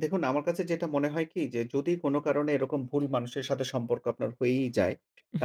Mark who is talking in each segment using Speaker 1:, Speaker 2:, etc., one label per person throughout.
Speaker 1: দেখুন, আমার কাছে যেটা মনে হয় কি যে, যদি কোন কারণে এরকম ভুল মানুষের সাথে সম্পর্ক আপনার হয়েই যায়,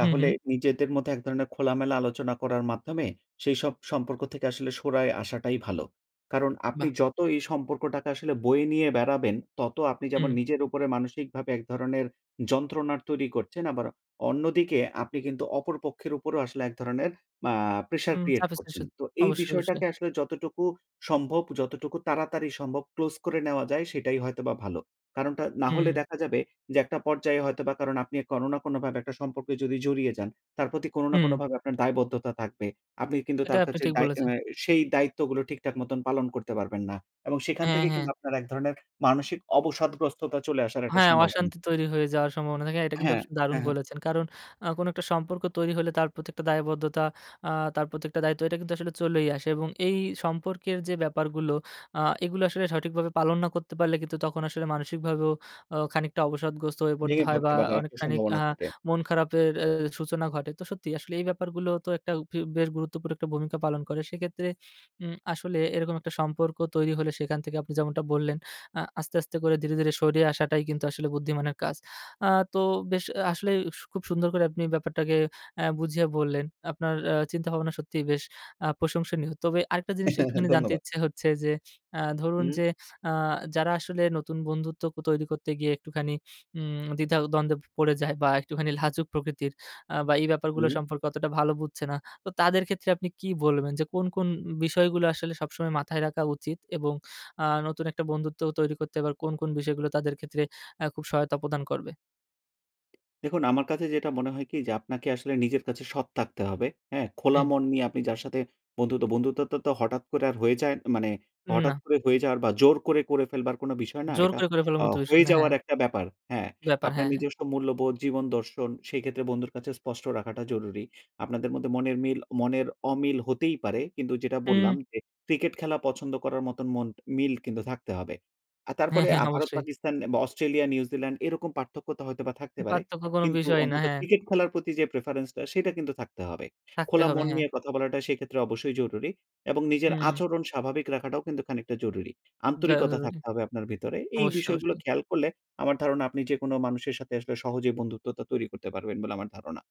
Speaker 2: হুম, হুম।
Speaker 1: নিজেদের মধ্যে এক ধরনের খোলামেলা আলোচনা করার মাধ্যমে সেই সব সম্পর্ক থেকে আসলে সরে আসাটাই ভালো। কারণ আপনি
Speaker 2: বাহ্!
Speaker 1: যত এই সম্পর্কটাকা আসলে বয়ে নিয়ে বেড়াবেন। তত আপনি যেমন
Speaker 2: হুম।
Speaker 1: নিজের উপরে মানসিকভাবে এক ধরনের যন্ত্রণার তৈরি করছেন। আবার অন্যদিকে আপনি কিন্তু অপর পক্ষের উপরেও আসলে এক ধরনের আ প্রেশার
Speaker 2: হুম,
Speaker 1: ক্রিয়েট করছেন।
Speaker 2: [unintelligible]
Speaker 1: তো এই
Speaker 2: অবশ্যই, অবশ্যই।
Speaker 1: বিষয়টাকে আসলে যতটুকু সম্ভব যতটুকু তাড়াতাড়ি সম্ভব ক্লোজ করে নেওয়া যায় সেটাই হয়তোবা ভালো। কারণটা না
Speaker 2: হুম,
Speaker 1: হলে
Speaker 2: হুম।
Speaker 1: দেখা যাবে যে, একটা পর্যায়ে হয়তোবা কারণ আপনি কোন না কোনভাবে একটা সম্পর্কে যদি জড়িয়ে যান, তার প্রতি কোন না
Speaker 2: হুম।
Speaker 1: কোনভাবে আপনার দায়বদ্ধতা থাকবে। আপনি কিন্তু
Speaker 2: এটা
Speaker 1: তার
Speaker 2: আপনি
Speaker 1: কাছে
Speaker 2: ঠিক
Speaker 1: দায়
Speaker 2: বলেছেন।
Speaker 1: অ্যা সেই দায়িত্বগুলো ঠিকঠাক মত পালন করতে পারবেন না এবং সেখান
Speaker 2: হ্যা,
Speaker 1: থেকে
Speaker 2: হ্যা।
Speaker 1: কিন্তু আপনার এক ধরনের মানসিক অবসাদগ্রস্ততা চলে আসার একটা
Speaker 2: হ্যা,
Speaker 1: সম্ভাবনা।
Speaker 2: অশান্তি তৈরি হয়ে যাওয়ার সম্ভাবনা থাকে এটা কিন্তু
Speaker 1: হ্যা,
Speaker 2: আপনি দারুণ
Speaker 1: হ্যা, হ্যা।
Speaker 2: বলেছেন। কারণ আ কোনো একটা সম্পর্ক তৈরি হলে তার প্রত্যেকটা দায়বদ্ধতা আ তার প্রত্যেকটা দায়িত্ব এটা কিন্তু আসলে চলেই আসে এবং এই সম্পর্কের যে, ব্যাপারগুলো আ এগুলো আসলে সঠিকভাবে পালন না করতে পারলে কিন্তু তখন আসলে মানসিকভাবেও অ খানিকটা অবসাদগ্রস্ত হয়ে পড়তে
Speaker 1: ভেঙে
Speaker 2: হয় বা
Speaker 1: পড়তে পারার একটা
Speaker 2: অনেকখানিক আ
Speaker 1: সম্ভাবনা থাকে।
Speaker 2: মন খারাপের এ সূচনা ঘটে। তো সত্যিই আসলে এই ব্যাপারগুলো তো একটা এব বেশ গুরুত্ব করে একটা ভূমিকা পালন করে। সেক্ষেত্রে উম আসলে এরকম একটা সম্পর্ক তৈরি হলে সেখান থেকে আপনি যেমনটা বললেন আ আস্তে, আস্তে করে ধীরে, ধীরে সরিয়ে আসাটাই কিন্তু আসলে বুদ্ধিমানের কাজ। আ তো বেশ আসলেই সু, খুব সুন্দর করে আপনি ব্যাপারটাকে আ বুঝিয়ে বললেন। আপনার আ চিন্তাভাবনা সত্যিই বেশ আ প্রশংসনীয়। তবে আরেকটা জিনিস একটুখানি জানতে
Speaker 1: ধন্যবাদ।
Speaker 2: ইচ্ছে হচ্ছে যে, আ ধরুন
Speaker 1: হুম।
Speaker 2: যে, আ যারা আসলে নতুন বন্ধুত্বকত তৈরি করতে গিয়ে একটুখানি উম দ্বিধা-দ্বন্দ্বে পড়ে যায় বা একটুখানি লাজুক প্রকৃতির আ বা এই ব্যাপারগুলো
Speaker 1: হুম।
Speaker 2: সম্পর্কে অতটা ভালো বুঝছে না। তো তাদের ক্ষেত্রে আপনি কি বলবেন যে, কোন, কোন বিষয়গুলো আসলে সবসময় মাথায় রাখা উচিত? এবং আ নতুন একটা বন্ধুত্ব তৈরি করতে আবার কোন, কোন বিষয়গুলো তাদের ক্ষেত্রে আ খুব সহায়তা প্রদান করবে?
Speaker 1: দেখুন, আমার কাছে যেটা মনে হয় কি যে, আপনাকে আসলে নিজের কাছে সৎ থাকতে হবে, হ্যা। খোলা
Speaker 2: হুম।
Speaker 1: মন নিয়ে আপনি যার সাথে বন্ধুত, বন্ধুত্ব তো হঠাৎ করে হয়ে যায় মানে, হঠাৎ
Speaker 2: না।
Speaker 1: করে হয়ে যাওয়ার বা জোর করে, করে ফেলবার কোন বিষয় না।
Speaker 2: জোর
Speaker 1: এটা
Speaker 2: করে, করে ফেলার
Speaker 1: আ
Speaker 2: মতো বিষয়
Speaker 1: হয়ে
Speaker 2: না, হ্যা।
Speaker 1: যাওয়ার একটা ব্যাপার, হ্যা।
Speaker 2: ব্যাপার, হ্যা,
Speaker 1: আপনার
Speaker 2: হ্যা।
Speaker 1: নিজস্ব মূল্যবোধ, জীবন দর্শন সেই ক্ষেত্রে বন্ধুর কাছে স্পষ্ট রাখাটা জরুরি। আপনাদের মধ্যে মনের মিল, মনের অমিল হতেই পারে। কিন্তু যেটা বললাম
Speaker 2: হুম।
Speaker 1: যে, ক্রিকেট খেলা পছন্দ করার মতন মন মিল কিন্তু থাকতে হবে। আর
Speaker 2: হ্যা,
Speaker 1: তারপরে
Speaker 2: হ্যা,
Speaker 1: আ
Speaker 2: অবশ্যই।
Speaker 1: ভারত-পাকিস্তান বা অস্ট্রেলিয়া-নিউজিল্যান্ড এরকম পার্থক্যতা হয়তোবা থাকতে পারে।
Speaker 2: পার্থক্য কোনো
Speaker 1: কিন্তু
Speaker 2: বিষয়ই না,
Speaker 1: অন্তত
Speaker 2: হ্যাঁ।
Speaker 1: ক্রিকেট খেলার প্রতি যে, প্রেফারেন্স টা সেটা কিন্তু থাকতে হবে।
Speaker 2: থাকতে
Speaker 1: খোলা
Speaker 2: হবে,
Speaker 1: মন
Speaker 2: হ্যা।
Speaker 1: নিয়ে কথা বলাটা সেক্ষেত্রে অবশ্যই জরুরি এবং নিজের
Speaker 2: হুম, হুম।
Speaker 1: আচরণ স্বাভাবিক রাখাটাও কিন্তু খানিকটা জরুরি।
Speaker 2: যাওয়া
Speaker 1: আন্তরিকতা
Speaker 2: জরুরি
Speaker 1: থাকতে হবে আপনার ভিতরে। এই
Speaker 2: অবশ্যই,
Speaker 1: বিষয়গুলো
Speaker 2: অবশ্যই।
Speaker 1: খেয়াল করলে আমার ধারণা আপনি যেকোনো মানুষের সাথে আসলে সহজেই বন্ধুত্বা তৈরি করতে পারবেন বলে আমার ধারণা।